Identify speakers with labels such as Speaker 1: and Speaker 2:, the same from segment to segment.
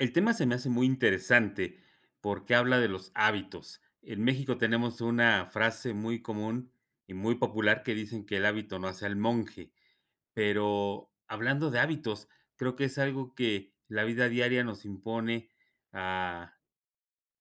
Speaker 1: El tema se me hace muy interesante porque habla de los hábitos. En México tenemos una frase muy común y muy popular que dicen que el hábito no hace al monje. Pero hablando de hábitos, creo que es algo que la vida diaria nos impone a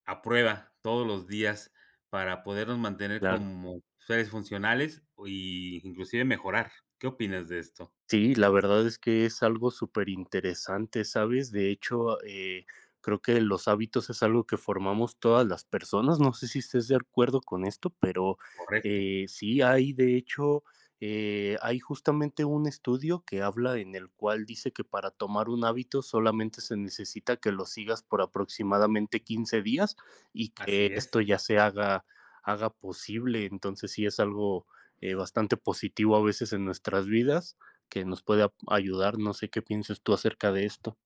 Speaker 1: a prueba todos los días para podernos mantener
Speaker 2: Claro.
Speaker 1: como seres funcionales y inclusive mejorar, ¿qué opinas de esto?
Speaker 2: Sí, la verdad es que es algo súper interesante, ¿sabes? De hecho, eh, creo que los hábitos es algo que formamos todas las personas. No sé si estés de acuerdo con esto, pero,
Speaker 1: Correcto.
Speaker 2: eh, sí, hay de hecho, eh, hay justamente un estudio que habla, en el cual dice que para tomar un hábito solamente se necesita que lo sigas por aproximadamente 15 días y que
Speaker 1: Así es.
Speaker 2: esto ya se haga haga posible. Entonces sí es algo, eh, bastante positivo a veces en nuestras vidas que nos puede ap ayudar. No sé, ¿qué pienses tú acerca de esto?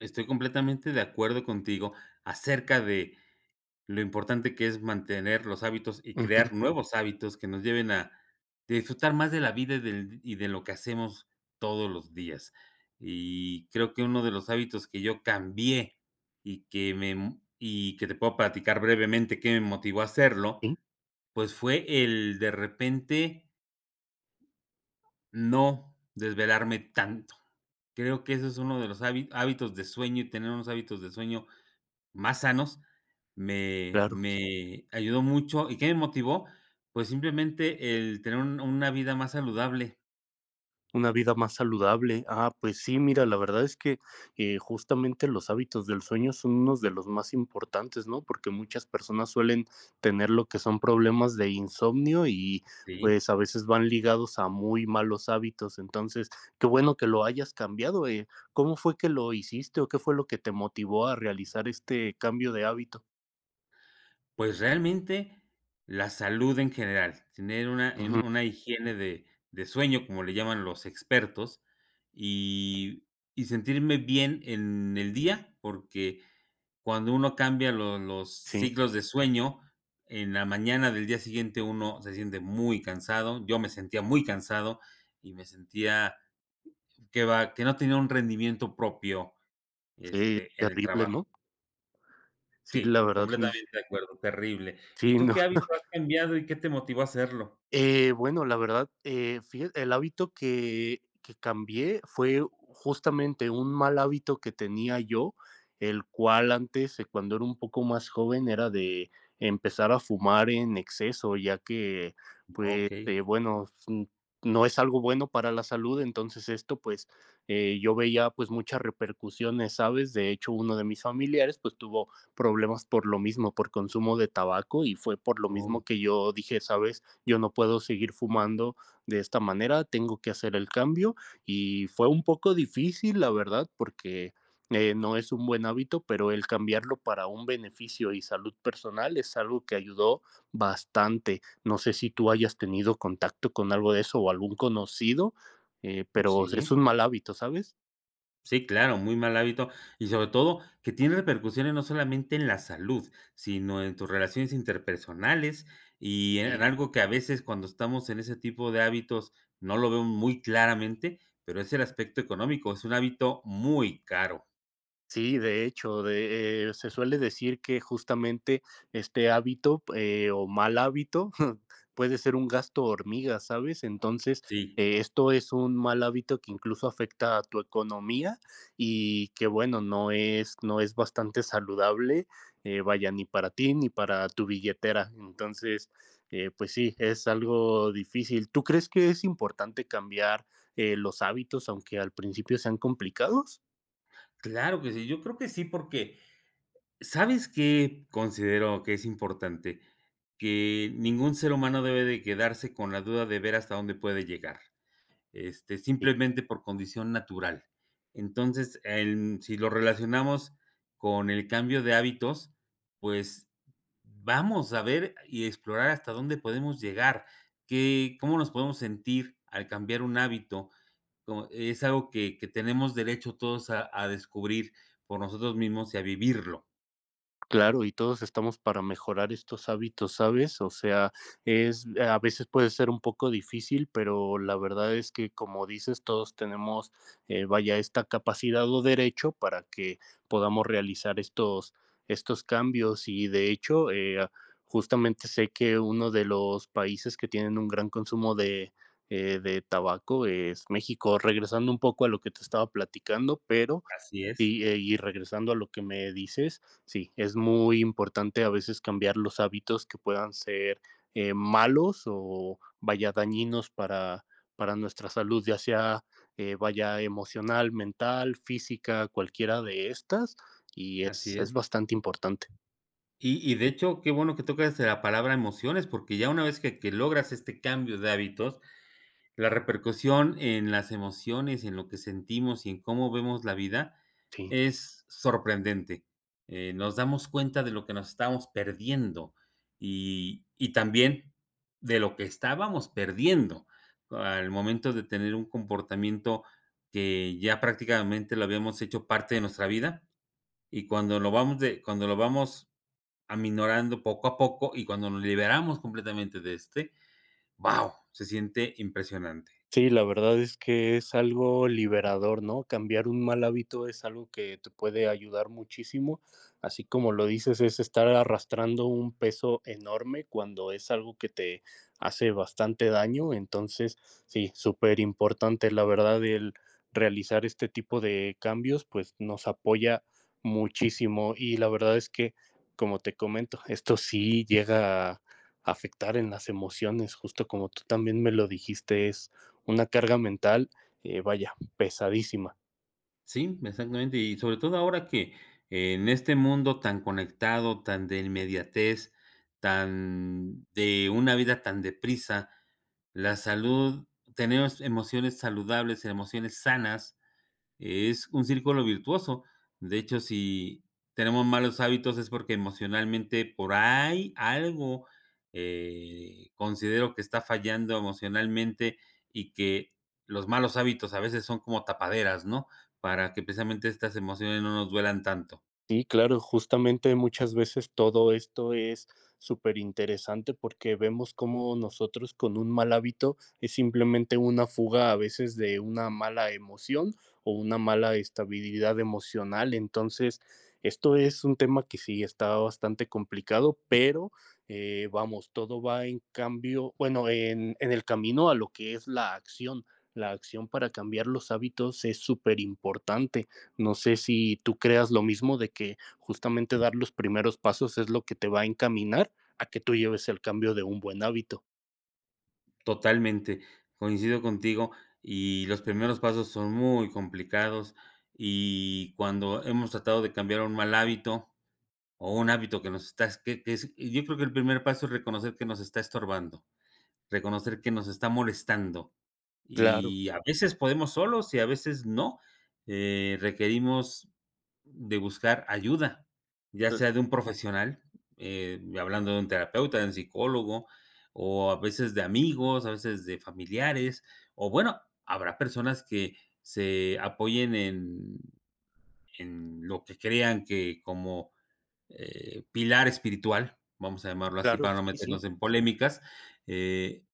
Speaker 1: Estoy completamente de acuerdo contigo acerca de lo importante que es mantener los hábitos y
Speaker 2: Ujú.
Speaker 1: crear nuevos hábitos que nos lleven a disfrutar más de la vida y del y de lo que hacemos todos los días. Y creo que uno de los hábitos que yo cambié y que me y que te puedo platicar brevemente que me motivó a hacerlo,
Speaker 2: Sí.
Speaker 1: pues fue el de repente no desvelarme tanto. Creo que ese es uno de los há hábitos de sueño y tener unos hábitos de sueño más sanos. Me
Speaker 2: Claro.
Speaker 1: me ayudó mucho. ¿y qué me motivó?, pues simplemente el tener un una vida más saludable.
Speaker 2: Una vida más saludable, ah, pues sí, mira, la verdad es que, eh, justamente los hábitos del sueño son unos de los más importantes, ¿no?, porque muchas personas suelen tener lo que son problemas de insomnio y,
Speaker 1: Sí.
Speaker 2: pues, a veces van ligados a muy malos hábitos, entonces qué bueno que lo hayas cambiado, eh, ¿cómo fue que lo hiciste o qué fue lo que te motivó a realizar este cambio de hábito?
Speaker 1: Pues, realmente, la salud en general, tener una en
Speaker 2: Ujú.
Speaker 1: una higiene de de sueño, como le llaman los expertos y y sentirme bien en el día, porque cuando uno cambia los los
Speaker 2: Sí.
Speaker 1: ciclos de sueño en la mañana del día siguiente uno se siente muy cansado, yo me sentía muy cansado y me sentía, que va, que no tenía un rendimiento propio,
Speaker 2: Sí,
Speaker 1: este, en el
Speaker 2: terrible,
Speaker 1: trabajo.
Speaker 2: ¿no? Sí, la
Speaker 1: Sí,
Speaker 2: verdad, sí.
Speaker 1: completamente de acuerdo, terrible, ¿y
Speaker 2: Sí,
Speaker 1: tú
Speaker 2: no.
Speaker 1: qué hábito has cambiado?, ¿y qué te motivó a hacerlo?
Speaker 2: Eh, bueno, la verdad, eh, fíja el hábito que que cambié fue justamente un mal hábito que tenía yo, el cual antes, cuando era un poco más joven, era de empezar a fumar en exceso, ya que, pues,
Speaker 1: Okey.
Speaker 2: eh, bueno, no es algo bueno para la salud, entonces esto, pues, eh, yo veía, pues, muchas repercusiones, ¿sabes?, de hecho, uno de mis familiares, pues, tuvo problemas, por lo mismo, por consumo de tabaco y fue por lo mismo
Speaker 1: Oh.
Speaker 2: que yo dije: "Sabes, yo no puedo seguir fumando de esta manera, tengo que hacer el cambio", y fue un poco difícil, la verdad, porque, eh, no es un buen hábito, pero el cambiarlo para un beneficio y salud personal es algo que ayudó bastante, no sé si tú hayas tenido contacto con algo de eso o algún conocido, eh, pero es
Speaker 1: Sí.
Speaker 2: un mal hábito, ¿sabes?
Speaker 1: Sí, claro, muy mal hábito y sobre todo, que tiene repercusiones no solamente en la salud, sino en tus relaciones interpersonales y en
Speaker 2: Sí.
Speaker 1: en algo que a veces, cuando estamos en ese tipo de hábitos, no lo veo muy claramente, pero es el aspecto económico, es un hábito muy caro.
Speaker 2: Sí, de hecho, de, eh, se suele decir que justamente este hábito, eh, o mal hábito puede ser un gasto hormiga, ¿sabes? Entonces,
Speaker 1: Sí.
Speaker 2: eh, esto es un mal hábito que incluso afecta a tu economía y que bueno, no es no es bastante saludable, eh, vaya, ni para ti ni para tu billetera. Entonces, eh, pues sí, es algo difícil, ¿tú crees que es importante cambiar, eh, los hábitos, aunque al principio sean complicados?
Speaker 1: Claro que sí. Yo creo que sí, porque, sabes que considero que es importante que ningún ser humano debe de quedarse con la duda de ver hasta dónde puede llegar, este simplemente por condición natural. Entonces, em, si lo relacionamos con el cambio de hábitos, pues vamos a ver y explorar hasta dónde podemos llegar, que cómo nos podemos sentir al cambiar un hábito es algo que que tenemos derecho todos a a descubrir por nosotros mismos y a vivirlo.
Speaker 2: Claro, y todos estamos para mejorar estos hábitos, ¿sabes?, o sea, es a veces puede ser un poco difícil, pero la verdad es que, como dices, todos tenemos, eh, vaya, esta capacidad o derecho para que podamos realizar estos estos cambios y, de hecho, eh, justamente sé que uno de los países que tienen un gran consumo de, eh, de tabaco, es México. Regresando un poco a lo que te estaba platicando, pero
Speaker 1: Así es.
Speaker 2: y, eh, y regresando a lo que me dices sí, es muy importante a veces cambiar los hábitos que puedan ser, eh, malos o vaya dañinos para para nuestra salud, ya sea, eh, vaya emocional, mental, física, cualquiera de estas y es
Speaker 1: Así es.
Speaker 2: es bastante importante.
Speaker 1: Y y de hecho, qué bueno que tocas la palabra emociones, porque ya una vez que que logras este cambio de hábitos, la repercusión en las emociones y en lo que sentimos y en cómo vemos la vida
Speaker 2: Sí.
Speaker 1: es sorprendente, eh, nos damos cuenta de lo que nos estábamos perdiendo y y también de lo que estábamos perdiendo al momento de tener un comportamiento que ya prácticamente lo habíamos hecho parte de nuestra vida, y cuando lo vamos de cuando lo vamos aminorando poco a poco y cuando nos liberamos completamente de este, ¡wao!, se siente impresionante.
Speaker 2: Sí, la verdad es que es algo liberador, ¿no?, cambiar un mal hábito es algo que te puede ayudar muchísimo, así como lo dices, es estar arrastrando un peso enorme cuando es algo que te hace bastante daño, entonces sí, superimportante, la verdad el realizar este tipo de cambios, pues nos apoya muchísimo, y la verdad es que, como te comento, esto sí llega afectar en las emociones, justo como tú también me lo dijiste, es una carga mental, eh, vaya, pesadísima.
Speaker 1: Sí, exactamente, y sobre todo ahora que, en este mundo tan conectado, tan de inmediatez, tan de una vida tan deprisa, la salud tenemos emociones saludables, emociones sanas, es un círculo virtuoso, de hecho, si tenemos malos hábitos es porque emocionalmente por ahí algo, eh, considero que está fallando emocionalmente y que los malos hábitos a veces son como tapaderas, ¿no?, para que precisamente estas emociones no nos duelan tanto.
Speaker 2: Sí, claro. Justamente muchas veces todo esto es superinteresante, porque vemos cómo nosotros con un mal hábito, es simplemente una fuga, a veces de una mala emoción o una mala estabilidad emocional. Entonces, esto es un tema que sí está bastante complicado. Pero, eh, vamos, todo va en cambio Bueno, en en el camino a lo que es la acción. La acción para cambiar los hábitos es superimportante. No sé si tú creas lo mismo de que justamente dar los primeros pasos es lo que te va a encaminar a que tú lleves el cambio de un buen hábito.
Speaker 1: Totalmente, coincido contigo y los primeros pasos son muy complicados y cuando hemos tratado de cambiar un mal hábito o un hábito que nos está es que ese y yo creo que el primer paso es reconocer que nos está estorbando, reconocer que nos está molestando
Speaker 2: Claro.
Speaker 1: y a veces podemos solos y a veces no, eh, requerimos de buscar ayuda ya sea de un profesional, em y hablando de un terapeuta, de un psicólogo o a veces de amigos, a veces de familiares o, bueno, habrá personas que se apoyen en en lo que crean que como, eh, pilar espiritual vamos a llamarlo así
Speaker 2: Claro,
Speaker 1: para no
Speaker 2: sí, sí.
Speaker 1: meternos en polémicas, eh,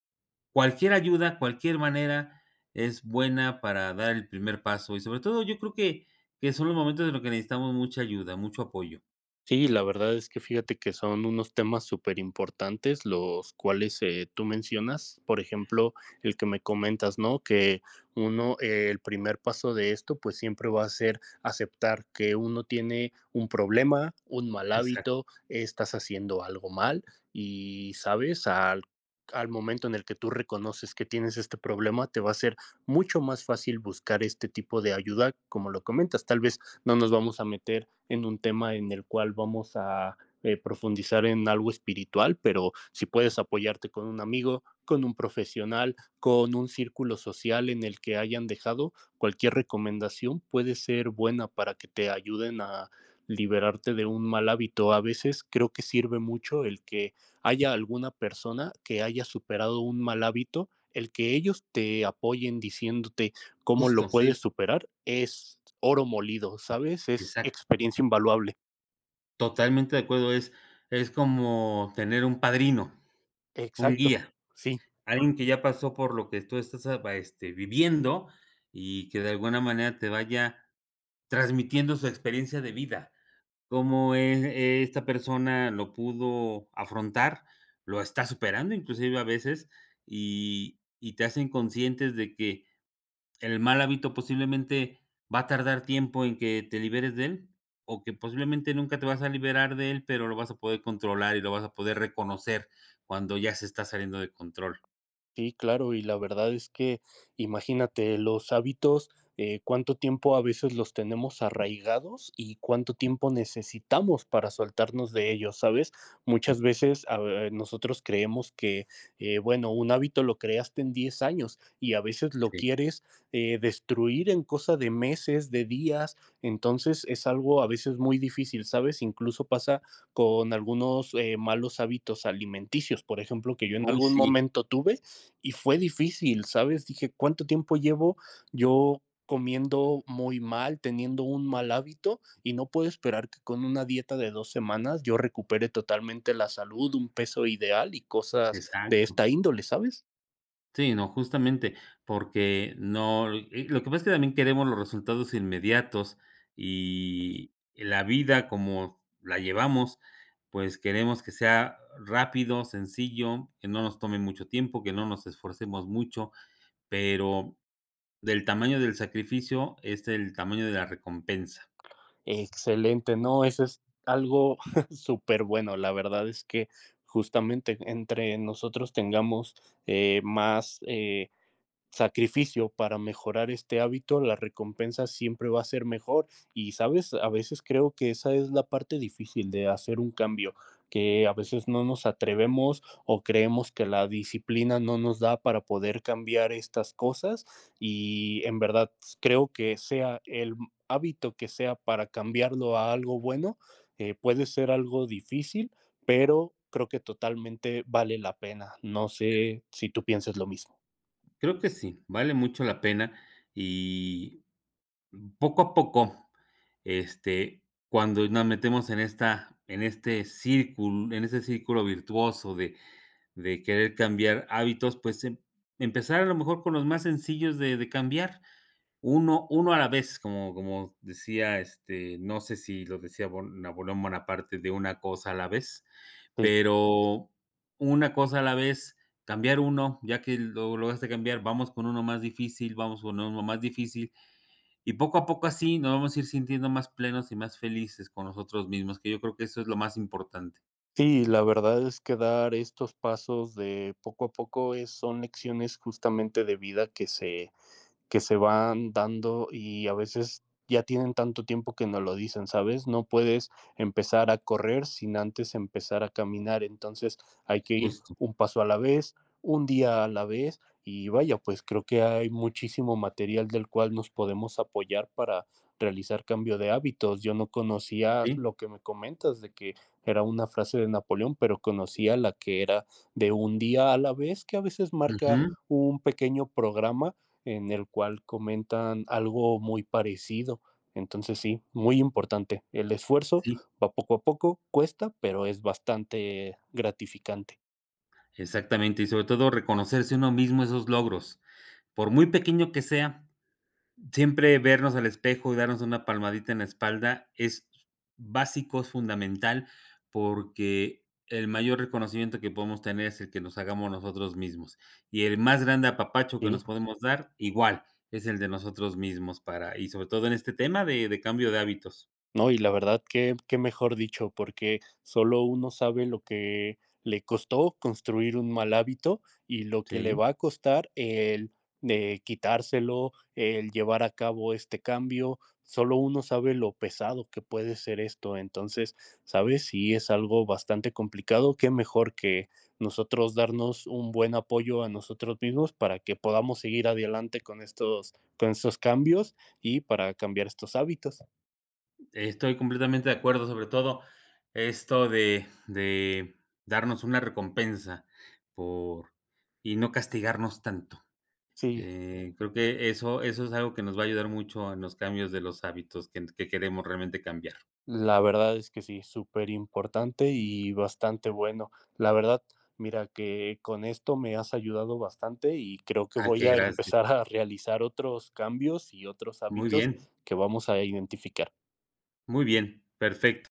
Speaker 1: cualquier ayuda, cualquier manera, es buena para dar el primer paso y, sobre todo, yo creo que que son los momentos en los que necesitamos mucha ayuda, mucho apoyo.
Speaker 2: Sí, la verdad es que, fíjate, son unos temas superimportantes, los cuales, eh, tú mencionas, por ejemplo, el que me comentas, ¿no?, que uno, el primer paso de esto, pues siempre va a ser aceptar que uno tiene un problema, un mal
Speaker 1: Exacto.
Speaker 2: hábito. Estás haciendo algo mal y ¿sabes?, al al momento en el que tú reconoces que tienes este problema, te va a ser mucho más fácil buscar este tipo de ayuda, como lo comentas. Tal vez no nos vamos a meter en un tema en el cual vamos a, eh, profundizar en algo espiritual. Pero si puedes apoyarte con un amigo, con un profesional, con un círculo social en el que hayan dejado cualquier recomendación, puede ser buena para que te ayuden a liberarte de un mal hábito. A veces creo que sirve mucho el que haya alguna persona que haya superado un mal hábito. El que ellos te apoyen diciéndote cómo lo
Speaker 1: Justo, sí.
Speaker 2: puedes superar es oro molido, ¿sabes?, es
Speaker 1: Exacto.
Speaker 2: experiencia invaluable.
Speaker 1: Totalmente de acuerdo. Es, es como tener un padrino, un
Speaker 2: Exacto,
Speaker 1: guía,
Speaker 2: sí.
Speaker 1: alguien que ya pasó por lo que tú estás apa este, viviendo, y que de alguna manera te vaya transmitiendo su experiencia de vida. Cómo el es esta persona lo pudo afrontar, lo está superando. Inclusive a veces, y y te hacen conscientes de que el mal hábito, posiblemente va a tardar tiempo en que te liberes de él. O que posiblemente nunca te vas a liberar de él, pero lo vas a poder controlar, y lo vas a poder reconocer cuando ya se está saliendo de control.
Speaker 2: Sí, claro. Y la verdad es que imagínate los hábitos, eh, ¿cuánto tiempo a veces los tenemos arraigados? ¿Y cuánto tiempo necesitamos para soltarnos de ellos?, ¿sabes? Muchas veces, ah nosotros creemos que, eh, bueno, un hábito lo creaste en 10 años, y a veces lo
Speaker 1: Sí.
Speaker 2: quieres, eh, destruir en cosa de meses, de días. Entonces, es algo a veces muy difícil, ¿sabes? Incluso pasa con algunos, eh, malos hábitos alimenticios, por ejemplo, que yo en
Speaker 1: Uy,
Speaker 2: algún
Speaker 1: sí.
Speaker 2: momento tuve y fue difícil, ¿sabes? Dije: "Cuánto tiempo llevo yo comiendo muy mal, teniendo un mal hábito y no puedo esperar que con una dieta de 2 semanas, yo recupere totalmente la salud, un peso ideal y cosas de
Speaker 1: Exacto.
Speaker 2: esta índole", ¿sabes?
Speaker 1: Sí, no, justamente. Porque no e lo que pasa es que también queremos los resultados inmediatos, y la vida como la llevamos, pues queremos que sea rápido, sencillo, que no nos tome mucho tiempo, que no nos esforcemos mucho, pero el tamaño del sacrificio es el tamaño de la recompensa.
Speaker 2: Excelente. No, eso es algo súper bueno. La verdad es que justamente entre nosotros tengamos, eh, más, eh, sacrificio para mejorar este hábito, la recompensa siempre va a ser mejor. Y sabes, a veces creo que esa es la parte difícil de hacer un cambio, que a veces no nos atrevemos, o creemos que la disciplina no nos da para poder cambiar estas cosas. Y en verdad s creo que sea el hábito que sea para cambiarlo a algo bueno, eh, puede ser algo difícil, pero creo que totalmente vale la pena. No sé si tú pienses lo mismo.
Speaker 1: Creo que sí, vale mucho la pena. Y, mm, poco a poco, este, cuando nos metemos en esta en este círculo en ese círculo virtuoso de de querer cambiar hábitos, pues, se emp empezar a lo mejor con los más sencillos de de cambiar. Uno uno a la vez, como como decía, este, no sé, si lo decía Bon Napoleón Bonaparte de una cosa a la vez,
Speaker 2: Sí.
Speaker 1: pero una cosa a la vez, cambiar uno, ya que lo lo lograste cambiar, vamos con uno más difícil. Vamos con uno más difícil. Y poco a poco así nos vamos a ir sintiendo más plenos, y más felices con nosotros mismos, que yo creo que eso es lo más importante.
Speaker 2: Sí, la verdad es que dar estos pasos de poco a poco es son lecciones, justamente, de vida que se, que se van dando, y a veces ya tienen tanto tiempo que no lo dicen, ¿sabes? No puedes empezar a correr sin antes empezar a caminar. Entonces hay que ir
Speaker 1: Justo.
Speaker 2: un paso a la vez, 1 día a la vez. Y vaya, pues, creo que hay muchísimo material del cual nos podemos apoyar para realizar cambio de hábitos. Yo no conocía
Speaker 1: Sí.
Speaker 2: lo que me comentas de que era una frase de Napoleón, pero conocía la que era de 1 día a la vez, que a veces marca
Speaker 1: Ujú.
Speaker 2: un pequeño programa en el cual comentan algo muy parecido. Entonces sí, muy importante. El esfuerzo
Speaker 1: Sí.
Speaker 2: va poco a poco cuesta, pero es bastante gratificante.
Speaker 1: Exactamente y sobre todo, reconocerse uno mismo esos logros, por muy pequeño que sea, siempre vernos al espejo y darnos una palmadita en la espalda es básico, es fundamental, porque el mayor reconocimiento que podemos tener es el que nos hagamos nosotros mismos. Y el más grande apapacho que
Speaker 2: Sí.
Speaker 1: nos podemos dar igual es el de nosotros mismos para y sobre todo en este tema de de cambio de hábitos.
Speaker 2: No y la verdad que que mejor dicho, porque solo uno sabe lo que le costó construir un mal hábito y lo que le
Speaker 1: Sí.
Speaker 2: va a costar el de quitárselo, el llevar a cabo este cambio, solo uno sabe lo pesado que puede ser esto, entonces, sabes, si es algo bastante complicado, que mejor que nosotros darnos un buen apoyo a nosotros mismos para que podamos seguir adelante con estos con estos cambios y para cambiar estos hábitos.
Speaker 1: Estoy completamente de acuerdo sobre todo esto de de darnos una recompensa por y no castigarnos tanto,
Speaker 2: Sí.
Speaker 1: eh, creo que eso eso es algo que nos va a ayudar mucho en los cambios de los hábitos que que queremos realmente cambiar.
Speaker 2: La verdad es que sí, superimportante y bastante bueno, la verdad, mira que con esto me has ayudado bastante y creo que
Speaker 1: Ah,
Speaker 2: voy
Speaker 1: que
Speaker 2: a
Speaker 1: gracias.
Speaker 2: empezar a realizar otros cambios y otros
Speaker 1: Muy
Speaker 2: hábitos
Speaker 1: bien.
Speaker 2: que vamos a identificar.
Speaker 1: Muy bien, perfecto.